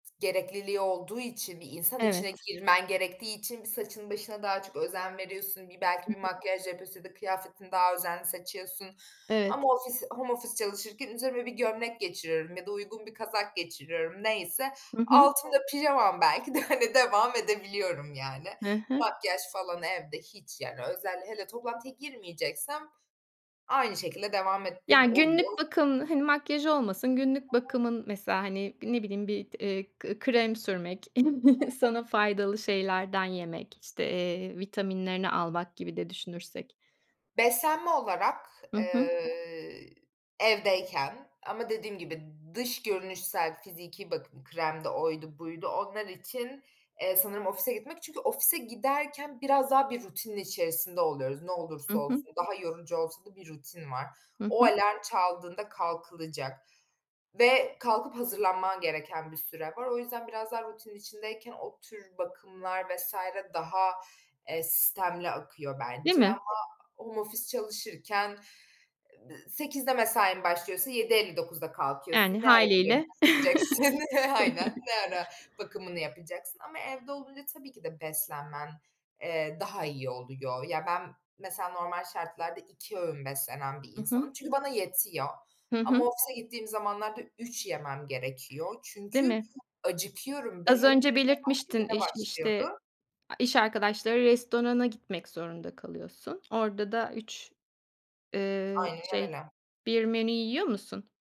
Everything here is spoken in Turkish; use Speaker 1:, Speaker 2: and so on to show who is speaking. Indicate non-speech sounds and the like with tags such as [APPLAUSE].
Speaker 1: Gerekliliği olduğu için, bir insan içine
Speaker 2: Evet.
Speaker 1: girmen gerektiği için, bir, saçına başına daha çok özen veriyorsun, bir, belki
Speaker 2: Hı
Speaker 1: bir
Speaker 2: hı.
Speaker 1: makyaj yapıyorsun ya da kıyafetini daha özenli seçiyorsun
Speaker 2: Evet.
Speaker 1: ama ofis home office çalışırken üzerime bir gömlek geçiriyorum ya da uygun bir kazak geçiriyorum neyse.
Speaker 2: Hı hı.
Speaker 1: Altımda pijamam belki de, hani, devam edebiliyorum yani.
Speaker 2: Hı hı.
Speaker 1: Makyaj falan evde hiç, yani, özel hele toplantıya girmeyeceksem aynı şekilde devam ettiğim
Speaker 2: Ya,
Speaker 1: oluyor.
Speaker 2: günlük bakım, hani, makyaj olmasın, günlük
Speaker 1: [UNINTELLIGIBLE]
Speaker 2: bakımın mesela, hani, ne bileyim, bir, eee, eee, krem sürmek, [CHUCKLES]
Speaker 1: [UNINTELLIGIBLE]
Speaker 2: sana faydalı şeylerden yemek, işte, eee, vitaminlerini almak gibi de düşünürsek.
Speaker 1: Beslenme olarak,
Speaker 2: Hı hı.
Speaker 1: eee, evdeyken ama dediğim gibi, dış görünüşsel, fiziki bakım kremdi oydu buydu, onlar için, eee, sanırım ofise gitmek. Çünkü ofise giderken biraz daha bir rutinin içerisinde oluyoruz, ne
Speaker 2: Hı
Speaker 1: olursa
Speaker 2: hı.
Speaker 1: olsun. Daha yorucu olsa da bir rutin var.
Speaker 2: Hı
Speaker 1: O
Speaker 2: hı.
Speaker 1: alarm çaldığında kalkılacak ve kalkıp hazırlanman gereken bir süre var. O yüzden biraz daha rutinin içindeyken o tür bakımlar vs. daha, eee, sistemli akıyor
Speaker 2: Değil
Speaker 1: bence
Speaker 2: mi?
Speaker 1: ama home ofis çalışırken, ııı, 8:00'de mesain başlıyorsa 7:59'da kalkıyorsun.
Speaker 2: Yani,
Speaker 1: Ne ara
Speaker 2: hâliyle.
Speaker 1: [UNINTELLIGIBLE] [CHUCKLES] Aynen,
Speaker 2: [CHUCKLES]
Speaker 1: ne ara bakımını yapacaksın ama evde olunca tabii ki de beslenmen, eee, daha iyi oluyor. Ya, ben, mesela normal şartlarda 2 öğün beslenen bir
Speaker 2: Hı hı.
Speaker 1: insanım. Çünkü bana yetiyor
Speaker 2: Hı
Speaker 1: ama
Speaker 2: hı.
Speaker 1: ofise gittiğim zamanlarda 3 yemem gerekiyor
Speaker 2: Değil
Speaker 1: çünkü
Speaker 2: mi?
Speaker 1: acıkıyorum. Be
Speaker 2: Az
Speaker 1: [UNINTELLIGIBLE] saat
Speaker 2: önce belirtmiştin
Speaker 1: 07:00'de
Speaker 2: iş işte,
Speaker 1: başlıyordu.
Speaker 2: a iş arkadaşları restorana gitmek zorunda kalıyorsun. Orada da 3, eee,
Speaker 1: Aynen
Speaker 2: şey,
Speaker 1: öyle.
Speaker 2: 1 menü yiyor musun?